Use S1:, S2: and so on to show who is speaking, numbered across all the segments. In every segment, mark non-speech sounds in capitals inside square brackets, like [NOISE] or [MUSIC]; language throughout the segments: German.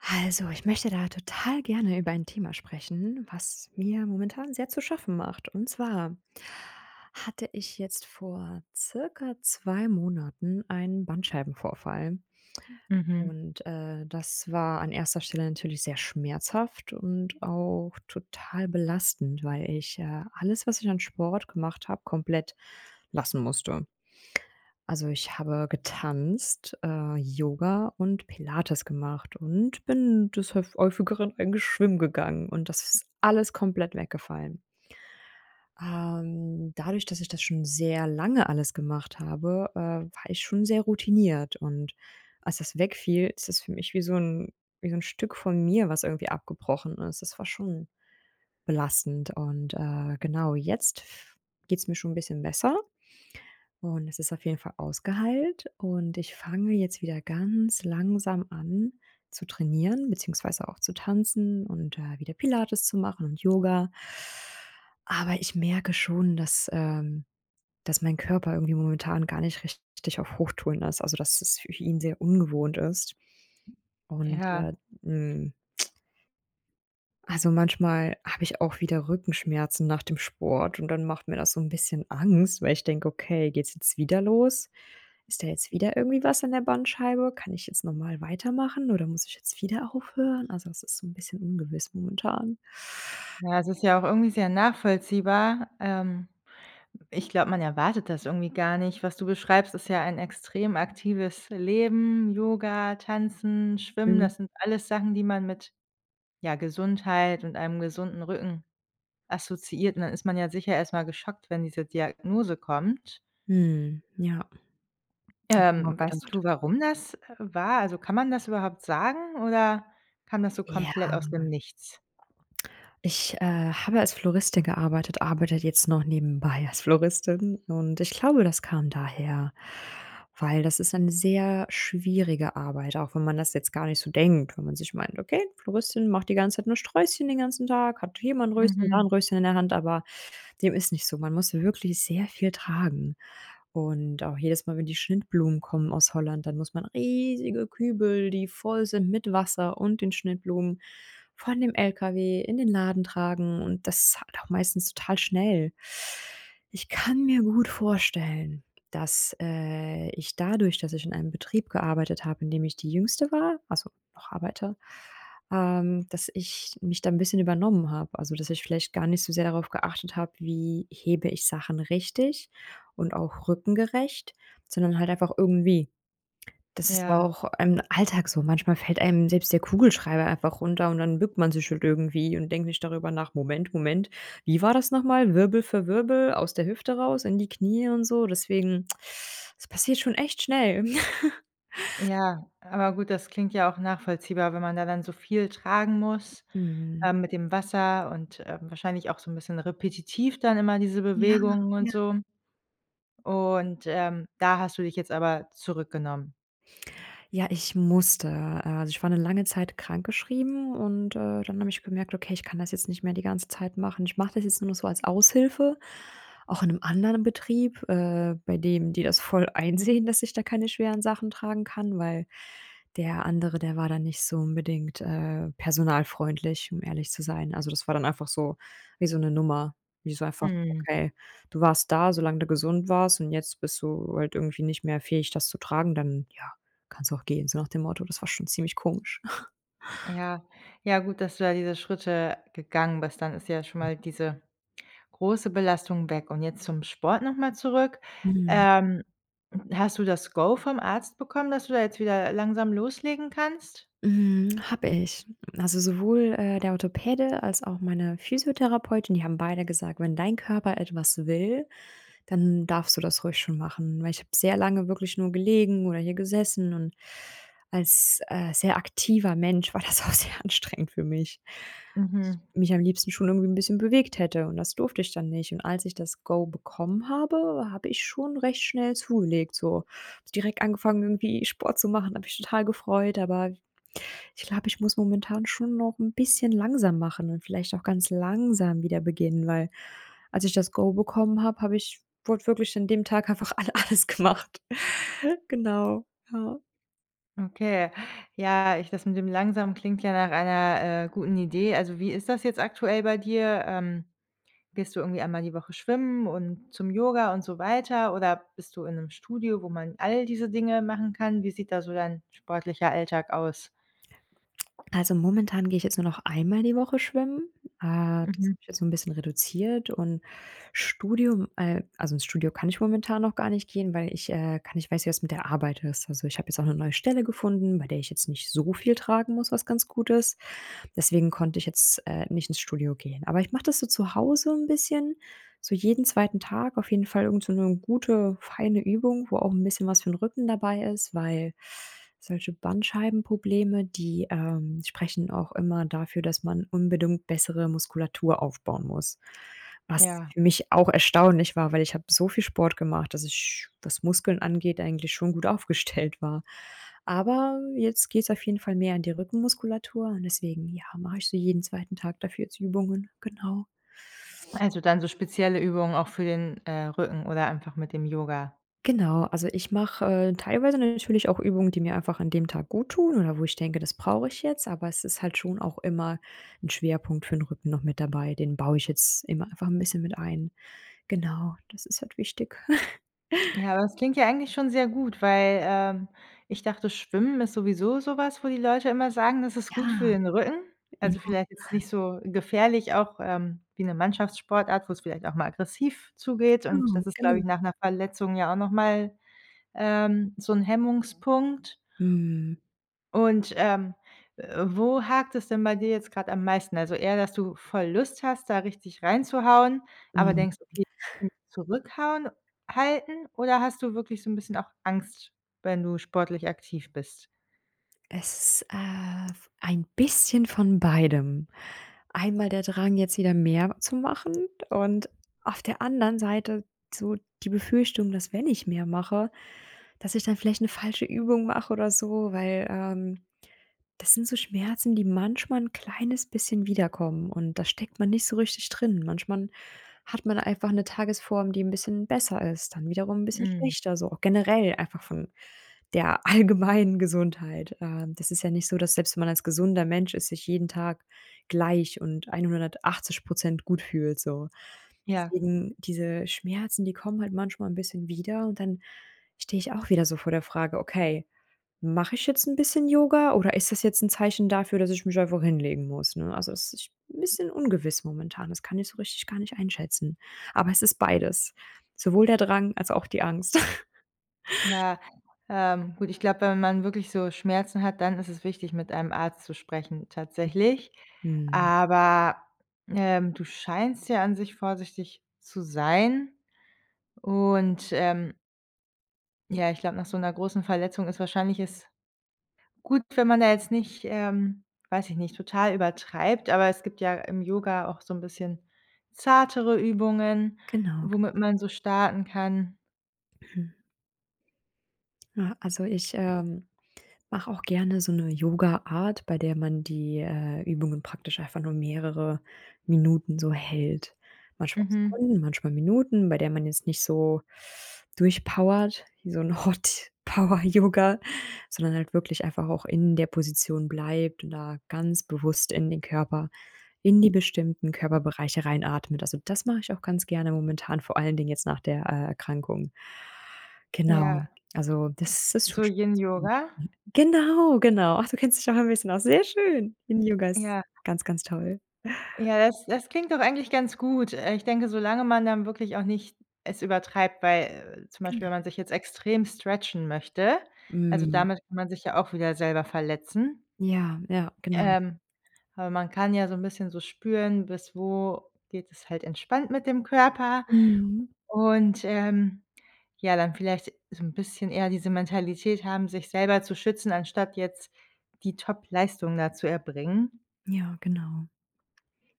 S1: Also, ich möchte da total gerne über ein Thema sprechen, was mir momentan sehr zu schaffen macht. Und zwar hatte ich jetzt vor circa 2 Monaten einen Bandscheibenvorfall.
S2: Mhm.
S1: Und, äh, das war an erster Stelle natürlich sehr schmerzhaft und auch total belastend, weil ich, äh, alles, was ich an Sport gemacht habe, komplett lassen musste. Also, ich habe getanzt, äh, Yoga und Pilates gemacht und bin des höf häufigeren eigentlich schwimmen gegangen und das ist alles komplett weggefallen. Ähm, dadurch, dass ich das schon sehr lange alles gemacht habe, äh, war ich schon sehr routiniert. Und als das wegfiel, ist es für mich wie so ‘n wie so ‘n Stück von mir, was irgendwie abgebrochen ist. Das war schon belastend und, äh, genau jetzt f geht's mir schon ‘n bisschen besser, und es ist auf jeden Fall ausgeheilt. Und ich fange jetzt wieder ganz langsam an zu trainieren, beziehungsweise auch zu tanzen und, äh, wieder Pilates zu machen und Yoga aber ich merke schon, dass ähm, dass mein Körper irgendwie momentan gar nicht richtig auf Hochtouren ist, also, dass es für ihn sehr ungewohnt ist. Und,
S2: Ja.
S1: ja, hm, [CLICKS TONGUE] Also manchmal habe ich auch wieder Rückenschmerzen nach dem Sport und dann macht mir das so ‘n bisschen Angst, weil ich denke: „Okay, geht's jetzt wieder los? Ist da jetzt wieder irgendwie was an der Bandscheibe? Kann ich jetzt normal weitermachen, oder muss ich jetzt wieder aufhören?“ Also, es ist so ‘n bisschen ungewiss momentan.
S2: Ja, es ist ja auch irgendwie sehr nachvollziehbar. Ähm, w ich glaube, man erwartet das irgendwie gar nicht. Was du beschreibst, ist ja ein extrem aktives Leben. Yoga, Tanzen, Schwimmen,
S1: Mhm.
S2: das sind alles Sachen, die man mit, ja, Gesundheit und einem gesunden Rücken assoziiert. Und, dann ist man ja sicher erstmal geschockt, wenn diese Diagnose kommt.
S1: Mhm, ja. Habe ich mir auch
S2: Ähm, weißt
S1: gedacht.
S2: du, warum das, äh, war? Also, kann man das überhaupt sagen oder kam das so
S1: Ja.
S2: komplett aus dem Nichts?
S1: Ich, äh, habe als Floristin gearbeitet, arbeite jetzt noch nebenbei als Floristin. Und ich glaube, das kam daher, weil das ist eine sehr schwierige Arbeit, auch wenn man das jetzt gar nicht so denkt, wenn man sich meint: „Okay, Floristin macht die ganze Zeit nur Sträußchen den ganzen Tag, hat hier mal ‘n Röschen, da ‘n
S2: Mhm.
S1: Röschen in der Hand“, aber dem ist nicht so. Man muss wirklich sehr viel tragen. Und auch jedes Mal, wenn die Schnittblumen kommen aus Holland, dann muss man riesige Kübel, die voll sind mit Wasser und den Schnittblumen von dem LKW in den Laden tragen und das halt auch meistens total schnell. Ich kann mir gut vorstellen, dass, äh, ich dadurch, dass ich in einem Betrieb gearbeitet habe, in dem ich die Jüngste war also noch arbeite, ähm, dass ich mich da ‘n bisschen übernommen habe. Also, dass ich vielleicht gar nicht so sehr darauf geachtet habe, wie hebe ich Sachen richtig und auch rückengerecht, sondern halt einfach irgendwie. Das ist ja
S2: Ja.
S1: auch im Alltag so. Manchmal fällt einem selbst der Kugelschreiber einfach runter und dann bückt man sich halt irgendwie und denkt nicht darüber nach: „Moment, Moment. Wie war das nochmal? Wirbel für Wirbel aus der Hüfte raus, in die Knie und so“ deswegen, das passiert schon echt schnell. [CHUCKLES]
S2: Ja, aber gut, das klingt ja auch nachvollziehbar, wenn man da dann so viel tragen muss,
S1: Mhm.
S2: ähm, mit dem Wasser und, ähm, wahrscheinlich auch so ‘n bisschen repetitiv dann immer diese
S1: Ja,
S2: Bewegungen und
S1: ja.
S2: so. Und, ähm, da hast du dich jetzt aber zurückgenommen?
S1: Ja, ich musste. Also, ich war 'ne lange Zeit krankgeschrieben und, äh, dann habe ich gemerkt: „Okay, ich kann das jetzt nicht mehr die ganze Zeit machen.“ Ich mache das jetzt nur noch so als Aushilfe, auch in 'nem anderen Betrieb, äh, bei dem die das voll einsehen, dass ich da keine schweren Sachen tragen kann. Weil der andere, der war dann nicht so unbedingt, äh, personalfreundlich, um ehrlich zu sein. Also, das war dann einfach so wie so 'ne Nummer. Wie so einfach:
S2: Mhm.
S1: „Okay, du warst da, solange du gesund warst und jetzt bist du halt irgendwie nicht mehr fähig, das zu tragen. Dann ja, kannst du auch gehen,“ so nach dem Motto. Das war schon ziemlich komisch. [CHUCKLES]
S2: Ja. Ja, gut, dass du da diese Schritte gegangen bist, dann ist ja schon mal diese große Belastung weg. Und jetzt zum Sport nochmal zurück,
S1: Mhm.
S2: ähm, hast du das Go vom Arzt bekommen, dass du da jetzt wieder langsam loslegen kannst?
S1: Mhm, habe ich. Also, sowohl, äh, der Orthopäde als auch meine Physiotherapeutin, die haben beide gesagt: „Wenn dein Körper etwas will, dann darfst du das ruhig schon machen.“ Weil ich habe sehr lange wirklich nur gelegen oder hier gesessen und als, äh, sehr aktiver Mensch war das auch sehr anstrengend für mich.
S2: Mhm.
S1: Mich am liebsten schon irgendwie 'n bisschen bewegt hätte und das durfte ich dann nicht. Und als ich das Go bekommen habe, habe ich schon recht schnell zugelegt. So direkt angefangen, irgendwie Sport zu machen, habe mich total gefreut. Aber ich glaube, ich muss momentan schon noch 'n bisschen langsam machen und vielleicht auch ganz langsam wieder beginnen, weil als ich das Go bekommen habe, habe ich wortwörtlich an dem Tag einfach a alles gemacht, genau, ja.
S2: Okay, ja, ich das mit dem langsam klingt ja nach einer, äh, guten Idee. Also, wie ist das jetzt aktuell bei dir? Ähm, gehst du irgendwie einmal die Woche schwimmen und zum Yoga und so weiter, oder bist du in 'nem Studio, wo man all diese Dinge machen kann? Wie sieht da so dein sportlicher Alltag aus?
S1: [SMACKS LIPS] Also momentan gehe ich jetzt nur noch einmal die Woche schwimmen. Äh, das
S2: Mhm.
S1: habe ich jetzt so 'n bisschen reduziert und Studium äh, also ins Studio kann ich momentan noch gar nicht gehen, weil ich, äh, gar nicht weiß, wie das mit der Arbeit ist. Also, ich habe jetzt auch 'ne neue Stelle gefunden, bei der ich jetzt nicht so viel tragen muss, was ganz gut ist. Deswegen konnte ich jetzt, äh, nicht ins Studio gehen. Aber ich mache das so zu Hause 'n bisschen so jeden 2. Tag auf jeden Fall irgend so 'ne gute, feine Übung, wo auch 'n bisschen was für 'n Rücken dabei ist. Weil solche Bandscheibenprobleme, die, ähm, sprechen auch immer dafür, dass man unbedingt bessere Muskulatur aufbauen muss. Was
S2: Ja.
S1: für mich auch erstaunlich war, weil ich habe so viel Sport gemacht, dass ich, was Muskeln angeht, eigentlich schon gut aufgestellt war. Aber jetzt geht's auf jeden Fall mehr an die Rückenmuskulatur und deswegen, ja, mache ich so jeden 2. Tag dafür jetzt Übungen, genau.
S2: Also dann so spezielle Übungen auch für den, äh, Rücken oder einfach mit dem Yoga?
S1: Genau, also ich mache, äh, teilweise natürlich auch Übungen, die mir einfach an dem Tag gut tun, oder wo ich denke, das brauche ich jetzt, aber es ist halt schon auch immer 'n Schwerpunkt für 'n Rücken noch mit dabei. Den baue ich jetzt immer einfach 'n bisschen mit ein. Genau, das ist halt wichtig. [LAUGHS]
S2: Ja, das klingt ja eigentlich schon sehr gut, weil, ähm, ich dachte, Schwimmen ist sowieso sowas, wo die Leute immer sagen, das ist gut für
S1: Ja,
S2: den Rücken. Also vielleicht jetzt
S1: [UNINTELLIGIBLE]
S2: nicht so gefährlich auch, ähm, wie 'ne Mannschaftssportart, wo es vielleicht auch mal aggressiv zugeht, und
S1: Genau,
S2: das ist glaube
S1: genau.
S2: ich, nach 'ner Verletzung ja auch nochmal, ähm, so 'n Hemmungspunkt.
S1: Mhm.
S2: Und, ähm, äh, wo hakt es denn bei dir jetzt gerade am meisten? Also eher, dass du voll Lust hast, da richtig reinzuhauen, aber
S1: Mhm.
S2: denkst, okay, [UNINTELLIGIBLE] zurückhauen halten, oder hast du wirklich so 'n bisschen auch Angst, wenn du sportlich aktiv bist?
S1: Es, äh, ein bisschen von beidem. Einmal der Drang, jetzt wieder mehr zu machen und auf der anderen Seite so die Befürchtung, dass wenn ich mehr mache, dass ich dann vielleicht 'ne falsche Übung mache oder so, weil, ähm. Das sind so Schmerzen, die manchmal 'n kleines bisschen wiederkommen. Und da steckt man nicht so richtig drin. Manchmal hat man einfach 'ne Tagesform, die 'n bisschen besser ist, dann wiederum 'n bisschen
S2: Mhm.
S1: schlechter, so auch generell einfach von der allgemeinen Gesundheit. Ähm, das ist ja nicht so, dass selbst wenn man als gesunder Mensch ist sich jeden Tag gleich und 180 % gut fühlt, so.
S2: Ja.
S1: Deswegen diese Schmerzen, die kommen halt manchmal 'n bisschen wieder. Und dann stehe ich auch wieder so vor der Frage: „Okay, mache ich jetzt 'n bisschen Yoga oder ist das jetzt 'n Zeichen dafür, dass ich mich einfach hinlegen muss?“, ne? Also das ist 'n bisschen ungewiss momentan, das kann ich so richtig gar nicht einschätzen. Aber es ist beides. Sowohl der Drang, als auch die Angst. [LAUGHS]
S2: Ja, ähm, gut, ich glaube, wenn man wirklich so Schmerzen hat, dann ist es wichtig, mit einem Arzt zu sprechen tatsächlich.
S1: Mhm.
S2: Aber, ähm, du scheinst ja an sich vorsichtig zu sein. Und, ähm Ja, ich glaube, nach so 'ner großen Verletzung ist wahrscheinlich es gut, wenn man da jetzt nicht, ähm, weiß ich nicht, total übertreibt. Aber es gibt ja im Yoga auch so 'n bisschen zartere Übungen,
S1: Genau, genau.
S2: womit man so starten kann.
S1: [CLEARS THROAT] Ja, also, ich, ähm, mache auch gerne so 'ne Yoga-Art, bei der man die, äh, Übungen praktisch einfach nur mehrere Minuten so hält. Manchmal
S2: Mhm.
S1: Sekunden, manchmal Minuten, bei der man jetzt nicht so durchpowert, wie so 'n Hot-Power-Yoga, sondern halt wirklich einfach auch in der Position bleibt und da ganz bewusst in den Körper in die bestimmten Körperbereiche reinatmet. Also, das mache ich auch ganz gerne momentan, vor allen Dingen jetzt nach der, äh, Erkrankung. Genau,
S2: Ja.
S1: also das das
S2: So
S1: tut schon ganz gut
S2: Yin-Yoga?
S1: [UNINTELLIGIBLE] Genau, genau. Ach, du kennst dich auch ein bisschen aus, sehr schön. Yin-Yoga ist
S2: Ja.
S1: ganz, ganz toll. [CHUCKLES]
S2: Ja, das das klingt doch eigentlich ganz gut. Äh, ich denke, solange man dann wirklich auch nicht es übertreibt, weil zum Beispiel,
S1: Genau.
S2: wenn man sich jetzt extrem stretchen möchte. Also,
S1: Mhm.
S2: damit kann man sich ja auch wieder selber verletzen.
S1: Ja, ja, genau.
S2: Ähm, aber man kann ja so 'n bisschen so spüren, bis wo geht es halt entspannt mit dem Körper
S1: Mhm.
S2: und, ähm, ja, dann vielleicht so 'n bisschen eher diese Mentalität haben, sich selber zu schützen, anstatt jetzt die Topleistung da zu erbringen.
S1: Ja, genau.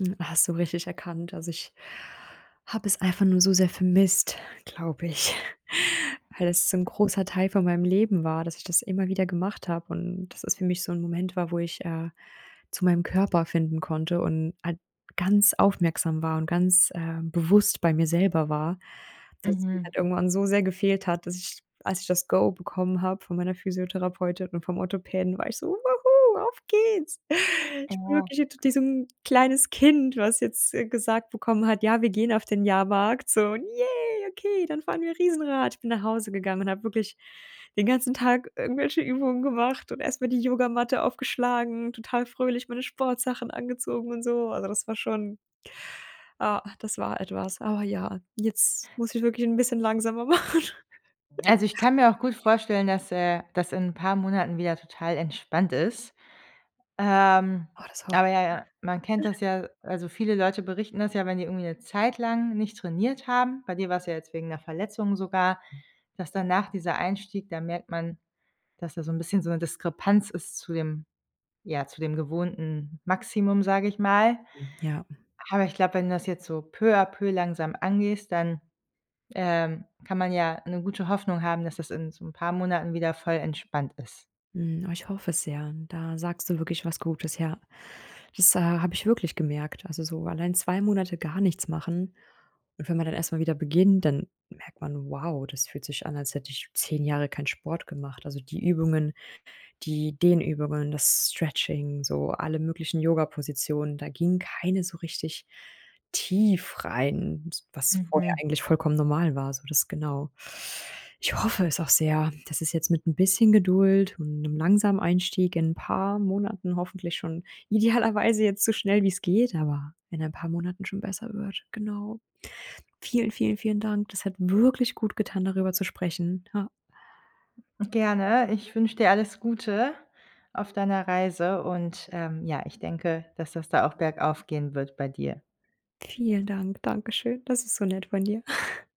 S1: Hm, hast du richtig erkannt. Also, ich habe es einfach nur so sehr vermisst, glaube ich, weil das so 'n großer Teil von meinem Leben war, dass ich das immer wieder gemacht habe und dass es für mich so 'n Moment war, wo ich, äh, zu meinem Körper finden konnte und halt ganz aufmerksam war und ganz, äh, bewusst bei mir selber war. Dass es mir
S2: Mhm.
S1: halt irgendwann so sehr gefehlt hat, dass ich, als ich das Go bekommen habe von meiner Physiotherapeutin und vom Orthopäden, war ich so: „Woo-hoo, auf geht's.“ Ich bin
S2: Boah.
S1: wirklich [UNINTELLIGIBLE] kleines Kind, was jetzt, äh, gesagt bekommen hat: „Ja, wir gehen auf den Jahrmarkt“ so, und „Yay, okay, dann fahren wir Riesenrad.“ Ich bin nach Hause gegangen und habe wirklich den ganzen Tag irgendwelche Übungen gemacht und erstmal die Yogamatte aufgeschlagen, total fröhlich meine Sportsachen angezogen und so. Also, das war schon ah, das war etwas. Aber ja, jetzt muss ich wirklich 'n bisschen langsamer machen.
S2: Also, ich
S1: [CHUCKLES]
S2: kann mir auch gut vorstellen, dass, äh, das in ein paar Monaten wieder total entspannt ist. Ähm,
S1: Oh, das hoffe ich.
S2: aber ja, ja, man
S1: [UNINTELLIGIBLE]
S2: kennt
S1: [CHUCKLES]
S2: das ja also, viele Leute berichten das ja, wenn die irgendwie 'ne Zeit lang nicht trainiert haben, bei dir war es ja jetzt wegen 'ner Verletzung sogar, dass danach dieser Einstieg da merkt man, dass da so 'n bisschen so 'ne Diskrepanz ist zu dem ja, zu dem gewohnten Maximum, sage ich mal.
S1: Mhm, ja, mhm.
S2: Aber ich glaube, wenn du das jetzt so peu a peu langsam angehst, dann, ähm, kann man ja 'ne gute Hoffnung haben, dass das in so 'n paar Monaten wieder voll entspannt ist.
S1: Mhm, oh, ich hoffe es sehr. Da sagst du wirklich was Gutes. Ja, das habe ich wirklich gemerkt. Also, so allein 2 Monate gar nichts machen. Und wenn man dann erstmal wieder beginnt, dann merkt man: „Wow, das fühlt sich an, als hätte ich 10 Jahre keinen Sport gemacht“. Also, die Übungen, die Dehnübungen, das Stretching, so alle möglichen Yoga-Positionen. Da ging keine so richtig tief rein, s was vorher
S2: Mhm.
S1: eigentlich vollkommen normal war, so das genau. Ich hoffe es auch sehr, dass es jetzt mit 'n bisschen Geduld und 'nem langsamen Einstieg in 'n paar Monaten hoffentlich schon idealerweise jetzt so schnell wie's geht, aber in ein paar Monaten schon besser wird. Genau. Vielen, vielen, vielen Dank. Das hat wirklich gut getan, darüber zu sprechen, ja.
S2: Gerne, ich wünsche dir alles Gute auf deiner Reise und, ähm, ja, ich denke, dass das da auch bergauf gehen wird bei dir.
S1: Vielen Dank, dankeschön. Das ist so nett von dir. [CHUCKLES]